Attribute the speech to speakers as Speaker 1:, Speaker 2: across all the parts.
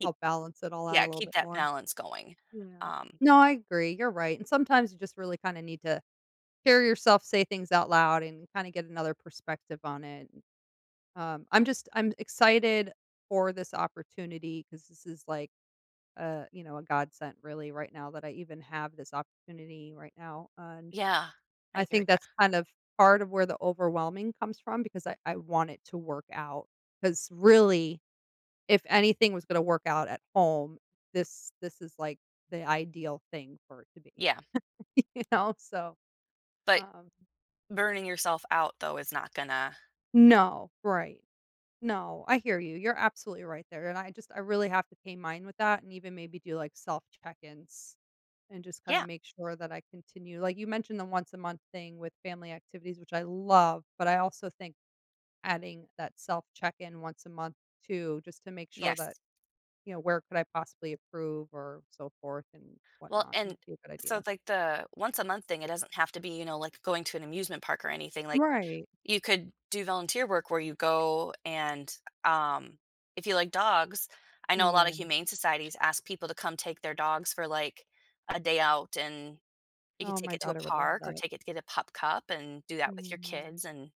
Speaker 1: It
Speaker 2: Help balance it all out a
Speaker 1: yeah,
Speaker 2: little
Speaker 1: keep
Speaker 2: bit
Speaker 1: that
Speaker 2: more.
Speaker 1: balance going,
Speaker 2: Yeah.
Speaker 1: um
Speaker 2: No, I agree, you're right, and sometimes you just really kinda need to hear yourself say things out loud and kinda get another perspective on it. Um, I'm just I'm excited for this opportunity 'cause this is, like, uh, you know, a godsent really right now that I even have this opportunity right now, and
Speaker 1: Yeah,
Speaker 2: I
Speaker 1: I hear
Speaker 2: think
Speaker 1: ya.
Speaker 2: that's kind of part of where the overwhelming comes from because I I want it to work out. 'Cause really, if anything was gonna work out at home, this this is, like, the ideal thing for it to be.
Speaker 1: Yeah.
Speaker 2: You know? So,
Speaker 1: But,
Speaker 2: um
Speaker 1: burning yourself out though is not gonna
Speaker 2: No, right. No, I hear you, you're absolutely right there, and I just I really have to pay mine with that and even maybe do like self check-ins and just kinda
Speaker 1: Yeah.
Speaker 2: make sure that I continue like, you mentioned the once-a-month thing with family activities, which I love, but I also think adding that self check-in once a month too, just to make sure that,
Speaker 1: Yes.
Speaker 2: you know, where could I possibly approve or so forth and
Speaker 1: Well
Speaker 2: whatnot might
Speaker 1: and
Speaker 2: be a good
Speaker 1: so,
Speaker 2: idea.
Speaker 1: like, the once a month thing, it doesn't have to be, you know, like, going to an amusement park or anything, like,
Speaker 2: Right.
Speaker 1: you could do volunteer work where you go and um, if you like dogs, I know a lotta
Speaker 2: Yeah.
Speaker 1: humane societies ask people to come take their dogs for, like, a day out, and you could
Speaker 2: Oh, my
Speaker 1: take it to a
Speaker 2: daughter would love
Speaker 1: park or
Speaker 2: that.
Speaker 1: take it to get a pup cup, and do that with your
Speaker 2: Yeah
Speaker 1: kids, and,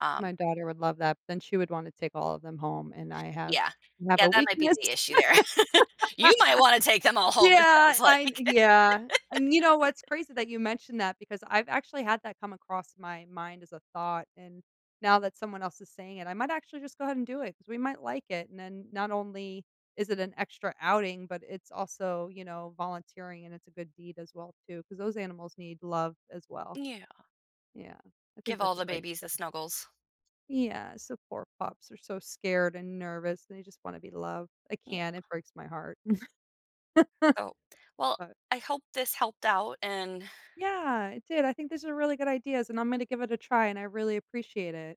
Speaker 1: um
Speaker 2: My daughter would love that, but then she would wanna take all of them home, and I have
Speaker 1: Yeah.
Speaker 2: I have
Speaker 1: Yeah,
Speaker 2: a
Speaker 1: that might be
Speaker 2: weakness.
Speaker 1: the issue there. You might wanna take them all home, it
Speaker 2: Yeah!
Speaker 1: sounds
Speaker 2: I
Speaker 1: like!
Speaker 2: yeah, and you know what's crazy that you mentioned that because I've actually had that come across my mind as a thought, and now that someone else is saying it, I might actually just go ahead and do it 'cause we might like it, and then not only is it an extra outing, but it's also, you know, volunteering and it's a good deed as well, too, 'cause those animals need love as well.
Speaker 1: Yeah.
Speaker 2: Yeah, I think
Speaker 1: Give all
Speaker 2: that's a
Speaker 1: the
Speaker 2: great
Speaker 1: babies the
Speaker 2: idea.
Speaker 1: snuggles.
Speaker 2: Yeah, so poor pups are so scared and nervous, they just want to be loved, I
Speaker 1: Yeah.
Speaker 2: can't, it breaks my heart.
Speaker 1: Oh, well,
Speaker 2: But
Speaker 1: I hope this helped out, and
Speaker 2: Yeah, it did, I think these are really good ideas, and I'm gonna give it a try, and I really appreciate it.